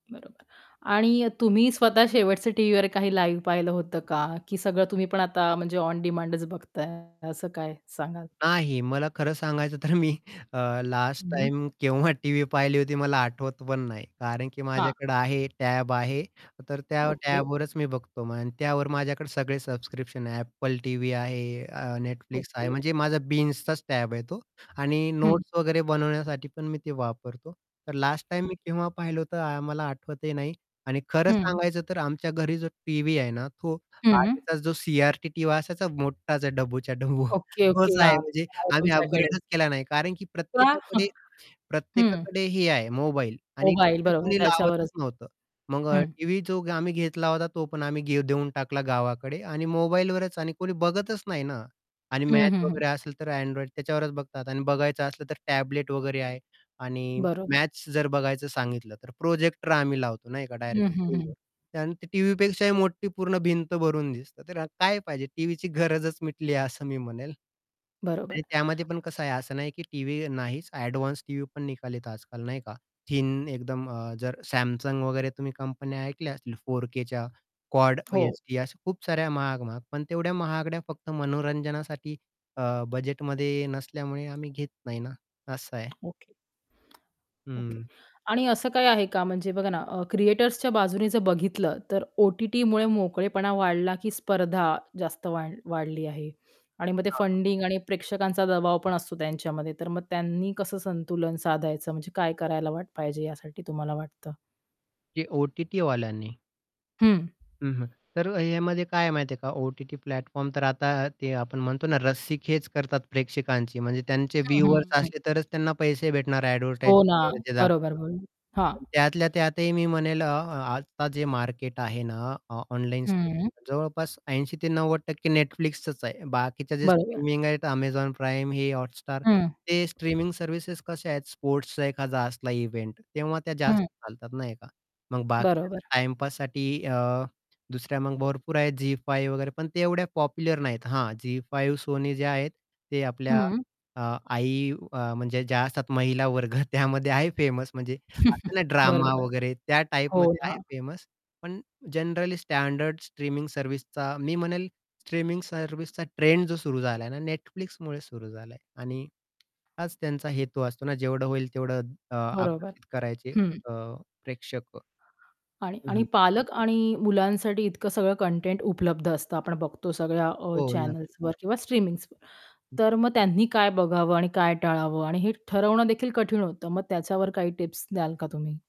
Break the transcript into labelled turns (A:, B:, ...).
A: बरोबर. आणि अ, तुम्ही स्वतः शेवटच्या टीव्हीवर काही लिव्ह पाहिलं होतं का? की सगळं तुम्ही पण आता म्हणजे ओन डिमांडच बघताय, असं काय सांगाल?
B: नाही मला खरं सांगायचं तर मी अ, लास्ट
A: हं.
B: टाईम केव्हा टीव्ही पाहिली होती मला आठवत पण नाही, कारण, की
A: हां.
B: माझ्याकडे आहे, टॅब आहे, तर त्या
A: ओके.
B: टॅबवरच मी बघतो. त्यावर माझ्याकडे सगळे सबस्क्रिप्शन आहे. Apple टीव्ही आहे, अ, Netflix आहे.
A: ओके.
B: म्हणजे माझा बिंझचाच टॅब आहे तो. आणि
A: हं.
B: नोट्स वगैरे बनवण्यासाठी पण मी ते वापरतो. तर लास्ट टाईम
A: ओके.
B: मी केव्हा पाहिलं होतं मला आठवतही नाही. आणि खरं
A: हं.
B: सांगायचं तर आमच्या घरी जो टीव्ही आहे ना, तो
A: हं.
B: आधीच जो सी-आर-टी टीव्ही असायचा मोठाच आहे, डब्बूच्या डब्बू
A: ओके,
B: तोच
A: ओके,
B: आहे.
A: हां,
B: म्हणजे
A: [unintelligible]
B: आम्ही
A: तुमच्याकडे.
B: अपग्रेडच केला नाही कारण, की
A: वाह!
B: प्रत्येकाकडे
A: हं.
B: प्रत्येकाकडे हे आहे मोबाईल आणि
A: मोबाईल
B: [unintelligible]
A: बरोबर,
B: कोणी लावतच
A: त्याच्यावरच.
B: नव्हतं, मग
A: हं.
B: टीव्ही जो आम्ही घेतला होता तो पण आम्ही देऊन टाकला गावाकडे. आणि मोबाईलवरच आणि कोणी बघतच नाही ना. आणि
A: हं,
B: मॅच
A: हं, हं.
B: वगैरे असेल तर Android त्याच्यावरच बघतात आणि बघायचं असलं तर टॅबलेट वगैरे आहे. आणि
A: बरोबर.
B: मॅच जर बघायचं सांगितलं तर प्रोजेक्टर आम्ही लावतो ना, एका डायरेक्ट
A: हं, हं, हं.
B: स्क्रीनवर. आणि टीव्हीपेक्षाही मोठी पूर्ण भिंत भरून दिसतं. तर काय पाहिजे टीव्हीची गरजच मिटली आहे असं मी म्हणेल.
A: बरोबर.
B: आणि त्यामध्ये पण कसं आहे, असं नाही, की टीव्ही नाहीच, एडवान्स टीव्ही पण निघतात आजकाल नाही का? थिन एकदम अ, जर Samsung वगैरे तुम्ही कंपन्या ऐकल्या असतील, 4Kच्या कॉड
A: हो.
B: एचडी अशा खूप साऱ्या महाग महाग, पण तेवढ्या महागड्या फक्त मनोरंजनासाठी अ, बजेटमध्ये नसल्यामुळे आम्ही घेत नाही ना असं आहे.
A: ओके. ओके.
B: हं.
A: आणि असं काही आहे का, म्हणजे बघा ना, अ, क्रिएटर्सच्या बाजूने जर बघितलं, तर ओ-टी-टीमुळे मोकळेपणा वाढला, की स्पर्धा जास्त वाढ वाढली आहे? आणि मग ते
B: हां, हां.
A: फंडिंग आणि प्रेक्षकांचा दबाव पण असतो त्यांच्यामध्ये, तर मग त्यांनी कसं संतुलन साधायचं म्हणजे काय करायला वा पाहिजे यासाठी तुम्हाला वाटतं?
B: ते ओ-टी-टी वाल्यांनी.
A: हं.
B: हं, हं. तर ह्यामध्ये काय आहे माहिती आहे का, ओ-टी-टी प्लॅटफॉर्म तर आता ते आपण म्हणतो ना, रस्सीखेच करतात प्रेक्षकांची म्हणजे त्यांचे
A: हं,
B: व्ह्यूअर्स
A: हं.
B: असले तरच त्यांना पैसे भेटणार
A: हो ना,
B: एडव्हर्टायझिंग वगैरे
A: बरोबर,
B: दाखवता.
A: बरोबर, हां.
B: पण त्यातल्या त्यातही मी म्हणेल अ, आता जे मार्केट आहे ना, अ ऑनलाईन
A: हं.
B: [unintelligible] जवळपास 80 ते 90% Netflixचच आहे. बाकीच्या जे
A: बरोबर.
B: स्ट्रीमिंग आहेत Amazon Prime हे हॉटस्टार,
A: हं.
B: ते स्ट्रीमिंग सर्व्हिसेस कशा आहेत, स्पोर्ट्सचा एखादा इव्हेंट, तेव्हा त्या जास्त
A: हं.
B: चालतात नाही का? मग बाकी कसं
A: बरोबर.
B: टाईमपाससाठी अ, दुसऱ्या मग भरपूर आहेत झी 5 वगैरे, पण ते एवढ्या पॉप्युलर नाहीत. हा झी 5 Sony जे आहेत ते आपल्या
A: हं.
B: अ, आई म्हणजे ज्या असतात, महिला वर्ग त्यामध्ये आहे फेमस म्हणजे असते ना ड्रामा
A: बरोबर,
B: वगैरे त्या
A: हो
B: टाइपमध्ये आहे
A: ना.
B: फेमस. पण जनरली स्टँडर्ड स्ट्रीमिंग सर्व्हिसचा मी म्हणेल, स्ट्रीमिंग सर्व्हिसचा ट्रेंड जो सुरू झालाय ना Netflixमुळे सुरू झालाय आणि हाच त्यांचा हेतू असतो ना, जेवढं होईल तेवढं अ,
A: बरोबर,
B: आकर्षित करायचे
A: हं.
B: प्रेक्षक
A: आणि
B: हं,
A: आणि
B: हं.
A: पालक आणि मुलांसाठी इतकं सगळं कंटेंट उपलब्ध असतं आपण बघतो, सगळ्या अ,
B: हो, नक्कीच.
A: चॅनल्सवर किंवा स्ट्रीमिंग्सवर.
B: हं.
A: तर मग त्यांनी काय बघावं आणि काय टाळावं, आणि हे ठरवणं देखील कठीण होतं. मग त्याच्यावर काही टिप्स द्याल का तुम्ही?